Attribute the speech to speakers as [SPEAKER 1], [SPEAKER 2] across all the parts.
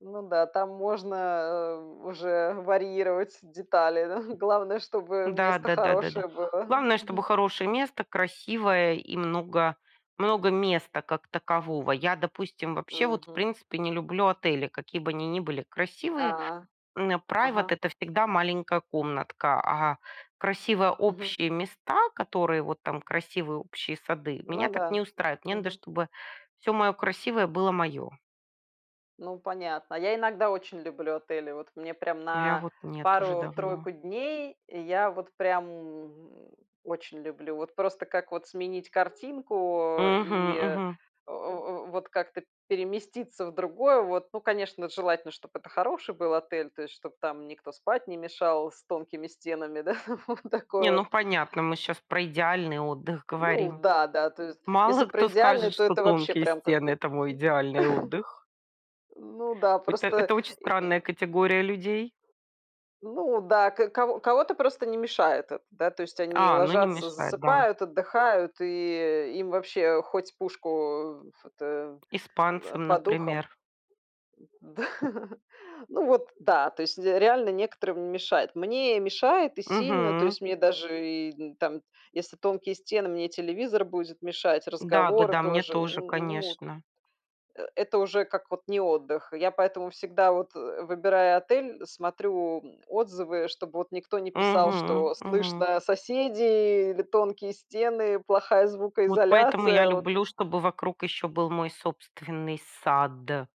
[SPEAKER 1] Ну да, там можно, э, уже варьировать детали, да главное, чтобы
[SPEAKER 2] Да,
[SPEAKER 1] место
[SPEAKER 2] да, да, да, да.
[SPEAKER 1] хорошее было.
[SPEAKER 2] Главное, чтобы
[SPEAKER 1] Мгм.
[SPEAKER 2] хорошее место, красивое, и много много места как такового. Я, допустим, вообще, вот, в
[SPEAKER 1] Мгм.
[SPEAKER 2] принципе, не люблю отели, какие бы они ни были красивые.
[SPEAKER 1] А,
[SPEAKER 2] М, private-
[SPEAKER 1] ага.
[SPEAKER 2] это всегда маленькая комнатка, а красивые
[SPEAKER 1] Мгм.
[SPEAKER 2] общие места, которые вот там, красивые общие сады,
[SPEAKER 1] Ну
[SPEAKER 2] меня так не
[SPEAKER 1] да.
[SPEAKER 2] устраивает. Мне надо,
[SPEAKER 1] Мгм.
[SPEAKER 2] чтобы всё моё красивое было моё.
[SPEAKER 1] Ну, понятно. Я иногда очень люблю отели. Вот мне прям
[SPEAKER 2] Я
[SPEAKER 1] на
[SPEAKER 2] вот нет уже давно.
[SPEAKER 1] пару-тройку дней, я вот прям, м, очень люблю. Вот просто, как вот сменить картинку, э, и,
[SPEAKER 2] Мгм.
[SPEAKER 1] э
[SPEAKER 2] Мгм.
[SPEAKER 1] э э, вот как-то переместиться в другое, вот. Ну, конечно, желательно, чтобы это хороший был отель, то есть чтобы там никто спать не мешал с тонкими стенами, да? Вот такое
[SPEAKER 2] Не, ну,
[SPEAKER 1] вот.
[SPEAKER 2] понятно, мы щас про идеальный отдых
[SPEAKER 1] Ну
[SPEAKER 2] говорим.
[SPEAKER 1] да, да. То есть, если
[SPEAKER 2] Мало
[SPEAKER 1] про
[SPEAKER 2] кто
[SPEAKER 1] идеальный,
[SPEAKER 2] скажет,
[SPEAKER 1] то
[SPEAKER 2] что
[SPEAKER 1] это вообще
[SPEAKER 2] тонкие
[SPEAKER 1] прям
[SPEAKER 2] стены-
[SPEAKER 1] какой-то
[SPEAKER 2] это мой идеальный отдых.
[SPEAKER 1] Ну да,
[SPEAKER 2] Это
[SPEAKER 1] просто
[SPEAKER 2] это очень
[SPEAKER 1] и
[SPEAKER 2] странная
[SPEAKER 1] и
[SPEAKER 2] категория людей.
[SPEAKER 1] Ну да, ко ко кого-то просто не мешает это. Да, то есть, они
[SPEAKER 2] А, ну, не
[SPEAKER 1] ложатся,
[SPEAKER 2] мешает, да.
[SPEAKER 1] засыпают, отдыхают, и, э, им вообще хоть пушку, э, ф это, в э,
[SPEAKER 2] Испанцам,
[SPEAKER 1] под ухом.
[SPEAKER 2] например.
[SPEAKER 1] Да. Ну вот да, то есть де реально некоторым не мешает. Мне мешает и сильно, то
[SPEAKER 2] Мгм.
[SPEAKER 1] есть мне даже и там, если тонкие стены, мне и телевизор будет мешать, разговоры
[SPEAKER 2] Да-да-да, мне
[SPEAKER 1] тоже.
[SPEAKER 2] тоже,
[SPEAKER 1] Н ну.
[SPEAKER 2] конечно.
[SPEAKER 1] Э, это уже как от не отдых. Я поэтому всегда, вот, э, выбирая отель, смотрю, м, отзывы, чтобы вот никто не писал,
[SPEAKER 2] Мгм.
[SPEAKER 1] что
[SPEAKER 2] Мгм.
[SPEAKER 1] слышно соседей или тонкие стены, плохая
[SPEAKER 2] Вот поэтому я
[SPEAKER 1] звукоизоляция, вот.
[SPEAKER 2] люблю, чтобы вокруг ещё был мой собственный сад.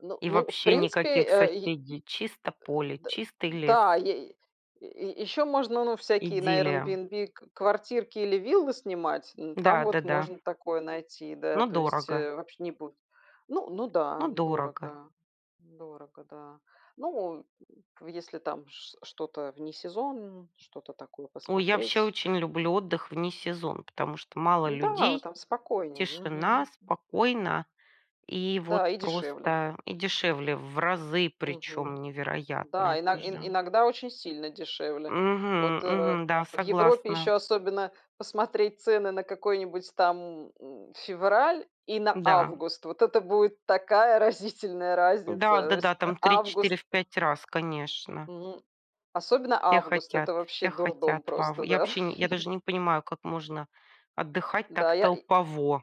[SPEAKER 1] Ну
[SPEAKER 2] И
[SPEAKER 1] ну, в
[SPEAKER 2] вообще
[SPEAKER 1] принципе,
[SPEAKER 2] никаких
[SPEAKER 1] э, й
[SPEAKER 2] соседей. Чисто
[SPEAKER 1] Э,
[SPEAKER 2] поле,
[SPEAKER 1] д
[SPEAKER 2] чистый лес.
[SPEAKER 1] да. Ей е еще можно, ну, всякие на
[SPEAKER 2] Идиллия.
[SPEAKER 1] Airbnb кв квартирки или виллы снимать. Ну, там
[SPEAKER 2] Да, да,
[SPEAKER 1] вот
[SPEAKER 2] да.
[SPEAKER 1] можно такое найти, да.
[SPEAKER 2] Но
[SPEAKER 1] То есть,
[SPEAKER 2] дорого.
[SPEAKER 1] э, вообще не будет. Н ну да,
[SPEAKER 2] Но дорого.
[SPEAKER 1] дорого. Дорого, да. Ну, э, в если там ш что-то в несезон, что-то такое
[SPEAKER 2] Ой, я вообще
[SPEAKER 1] посмотреть.
[SPEAKER 2] очень люблю отдых в несезон, потому что мало
[SPEAKER 1] Да,
[SPEAKER 2] людей,
[SPEAKER 1] там спокойнее.
[SPEAKER 2] тишина,
[SPEAKER 1] Мгм.
[SPEAKER 2] спокойно и вот
[SPEAKER 1] Да, и дешевле.
[SPEAKER 2] просто. И дешевле в разы,
[SPEAKER 1] Мгм.
[SPEAKER 2] причём невероятно,
[SPEAKER 1] Да, ино
[SPEAKER 2] это же.
[SPEAKER 1] иногда очень сильно дешевле.
[SPEAKER 2] Мгм.
[SPEAKER 1] Вот, э, рэ
[SPEAKER 2] Мгм. Да,
[SPEAKER 1] в Европе
[SPEAKER 2] согласна.
[SPEAKER 1] ещё особенно посмотреть цены на какой-нибудь там, м, февраль и на
[SPEAKER 2] Да.
[SPEAKER 1] август. Вот это будет такая разительная
[SPEAKER 2] Да, да,
[SPEAKER 1] разница. Всь
[SPEAKER 2] да,
[SPEAKER 1] а
[SPEAKER 2] там в три
[SPEAKER 1] август
[SPEAKER 2] четыре, в 5 раз, конечно.
[SPEAKER 1] М. Особенно
[SPEAKER 2] Все
[SPEAKER 1] август-
[SPEAKER 2] хотят,
[SPEAKER 1] это вообще
[SPEAKER 2] все
[SPEAKER 1] дурдом
[SPEAKER 2] хотят. Вав
[SPEAKER 1] просто,
[SPEAKER 2] я
[SPEAKER 1] да.
[SPEAKER 2] вообще, я даже не понимаю, как можно отдыхать
[SPEAKER 1] Да
[SPEAKER 2] так
[SPEAKER 1] я и
[SPEAKER 2] толпово.